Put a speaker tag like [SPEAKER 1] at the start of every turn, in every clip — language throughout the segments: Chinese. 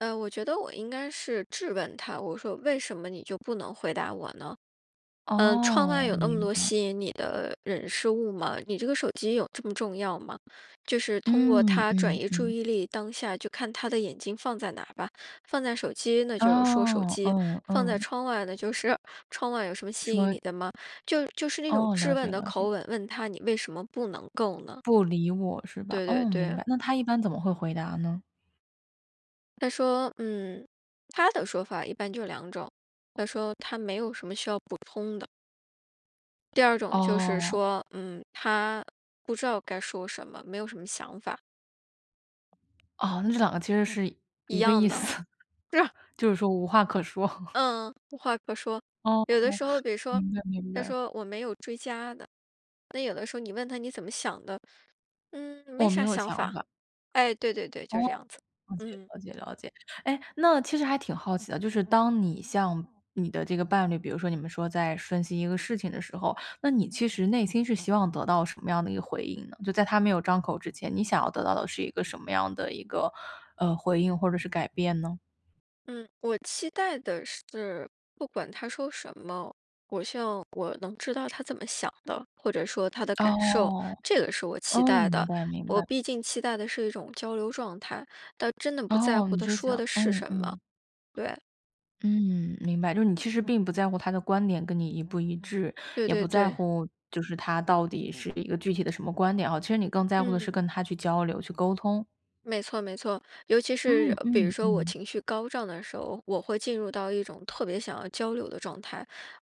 [SPEAKER 1] 呃，我觉得我应该是质问他，我说为什么你就不能回答我呢？呃，窗外
[SPEAKER 2] 哦，
[SPEAKER 1] 有那么
[SPEAKER 2] 明
[SPEAKER 1] 多
[SPEAKER 2] 白。
[SPEAKER 1] 吸引你的人、事、物吗？你这个手机有这么重要吗？就是通过
[SPEAKER 2] 嗯，
[SPEAKER 1] 它转
[SPEAKER 2] 嗯
[SPEAKER 1] 移注
[SPEAKER 2] 嗯。
[SPEAKER 1] 意力。当下就看他的眼睛放在哪儿吧，放在手机那就是说手
[SPEAKER 2] 哦，
[SPEAKER 1] 机，
[SPEAKER 2] 嗯
[SPEAKER 1] 放在
[SPEAKER 2] 嗯。
[SPEAKER 1] 窗外呢，就是“窗外有什么吸引
[SPEAKER 2] 说
[SPEAKER 1] 你的吗？”就就是那种
[SPEAKER 2] 哦，
[SPEAKER 1] 质
[SPEAKER 2] 了
[SPEAKER 1] 问
[SPEAKER 2] 解
[SPEAKER 1] 的
[SPEAKER 2] 了解。
[SPEAKER 1] 口吻，问他：“你为什么不能够呢？”
[SPEAKER 2] 不理我是吧，
[SPEAKER 1] 对对
[SPEAKER 2] 哦，明
[SPEAKER 1] 对。
[SPEAKER 2] 白，那他一般怎么会回答呢？
[SPEAKER 1] 他说，嗯，他的说法一般就是两种，他说他没有什么需要补充的。第2种就是
[SPEAKER 2] 哦。
[SPEAKER 1] 说，嗯，他不知道该说什么，没有什么想法。
[SPEAKER 2] 哦，那这两个其实是
[SPEAKER 1] 一
[SPEAKER 2] 一个
[SPEAKER 1] 样
[SPEAKER 2] 意
[SPEAKER 1] 的，
[SPEAKER 2] 思，
[SPEAKER 1] 是吧。
[SPEAKER 2] 就是说无话可说。
[SPEAKER 1] 嗯，无话可说。
[SPEAKER 2] 哦。
[SPEAKER 1] 有的时候比如说
[SPEAKER 2] 明白明
[SPEAKER 1] 他
[SPEAKER 2] 白。
[SPEAKER 1] 说：“我没有追加的。”那有的时候你问他：“你怎么想的？”“嗯，没
[SPEAKER 2] 我没
[SPEAKER 1] 啥
[SPEAKER 2] 有
[SPEAKER 1] 想
[SPEAKER 2] 想
[SPEAKER 1] 法。”
[SPEAKER 2] 法。
[SPEAKER 1] 哎，对对对，
[SPEAKER 2] 哦，
[SPEAKER 1] 就这样子。
[SPEAKER 2] 了解
[SPEAKER 1] 嗯。
[SPEAKER 2] 了解了解。哎，那其实还挺好奇的，就是当你像你的这个伴侣，比如说你们说在分析一个事情的时候，那你其实内心是希望得到什么样的一个回应呢？就在他没有张口之前，你想要得到的是一个什么样的一个，呃，回应或者是改变呢？
[SPEAKER 1] 嗯，我期待的是，不管他说什么，我希望我能知道他怎么想的，或者说他的感受，
[SPEAKER 2] 哦，
[SPEAKER 1] 这个是我期
[SPEAKER 2] 哦，
[SPEAKER 1] 待
[SPEAKER 2] 明
[SPEAKER 1] 的。
[SPEAKER 2] 白明
[SPEAKER 1] 我
[SPEAKER 2] 白。
[SPEAKER 1] 毕竟期待的是一种交流状态，倒真的不在
[SPEAKER 2] 哦，
[SPEAKER 1] 乎
[SPEAKER 2] 你
[SPEAKER 1] 他
[SPEAKER 2] 只
[SPEAKER 1] 说
[SPEAKER 2] 想
[SPEAKER 1] 的是
[SPEAKER 2] 嗯
[SPEAKER 1] 什么，
[SPEAKER 2] 嗯。
[SPEAKER 1] 对。
[SPEAKER 2] 嗯，明白，就是你其实并不在乎他的观点跟你一不一致，
[SPEAKER 1] 对
[SPEAKER 2] 也不
[SPEAKER 1] 对
[SPEAKER 2] 在
[SPEAKER 1] 对。
[SPEAKER 2] 乎就是他到底是一个具体的什么观点啊，其实你更在乎的是
[SPEAKER 1] 嗯。
[SPEAKER 2] 跟他去交流、去沟通。
[SPEAKER 1] 没错没错，尤其是
[SPEAKER 2] 嗯
[SPEAKER 1] 比如
[SPEAKER 2] 嗯
[SPEAKER 1] 说我
[SPEAKER 2] 嗯。
[SPEAKER 1] 情绪高涨的时候，我会进入到一种特别想要交流的状态。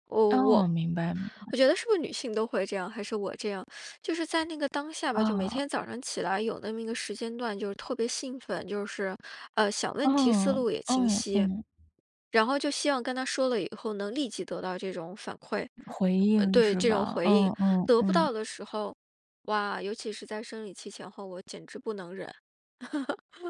[SPEAKER 1] 我
[SPEAKER 2] 哦，
[SPEAKER 1] 我
[SPEAKER 2] 明白明
[SPEAKER 1] 我
[SPEAKER 2] 白。
[SPEAKER 1] 觉得是不是女性都会这样，还是我这样，就是在那个当下吧，就每
[SPEAKER 2] 哦。
[SPEAKER 1] 天早上起来有那么一个时间段就特别兴奋，就是，呃，想问题思
[SPEAKER 2] 嗯，
[SPEAKER 1] 路也清
[SPEAKER 2] 嗯
[SPEAKER 1] 晰。
[SPEAKER 2] 嗯。
[SPEAKER 1] 然后就希望跟他说了以后，能立即得到这种反馈
[SPEAKER 2] 回应
[SPEAKER 1] 对，
[SPEAKER 2] 是
[SPEAKER 1] 这种
[SPEAKER 2] 吧？
[SPEAKER 1] 回
[SPEAKER 2] 嗯
[SPEAKER 1] 应。
[SPEAKER 2] 嗯
[SPEAKER 1] 得不
[SPEAKER 2] 嗯。
[SPEAKER 1] 到的时候，哇，尤其是在生理期前后，我简直不能忍。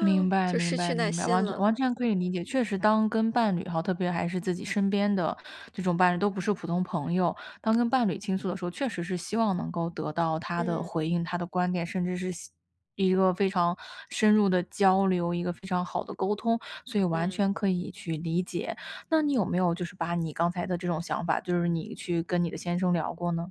[SPEAKER 2] 明 白
[SPEAKER 1] 就
[SPEAKER 2] 明
[SPEAKER 1] 失去
[SPEAKER 2] 白
[SPEAKER 1] 耐
[SPEAKER 2] 明白，
[SPEAKER 1] 心
[SPEAKER 2] 完全
[SPEAKER 1] 了。
[SPEAKER 2] 完全可以理解。确实当跟伴侣哦，特别还是自己身边的这种伴侣都不是普通朋友。当跟伴侣倾诉的时候，确实是希望能够得到他的
[SPEAKER 1] 嗯。
[SPEAKER 2] 回应、他的观点，甚至是细一个非常深入的交流，一个非常好的沟通，所以完
[SPEAKER 1] 嗯。
[SPEAKER 2] 全可以去理解。那你有没有就是把你刚才的这种想法，就是你去跟你的先生聊过呢？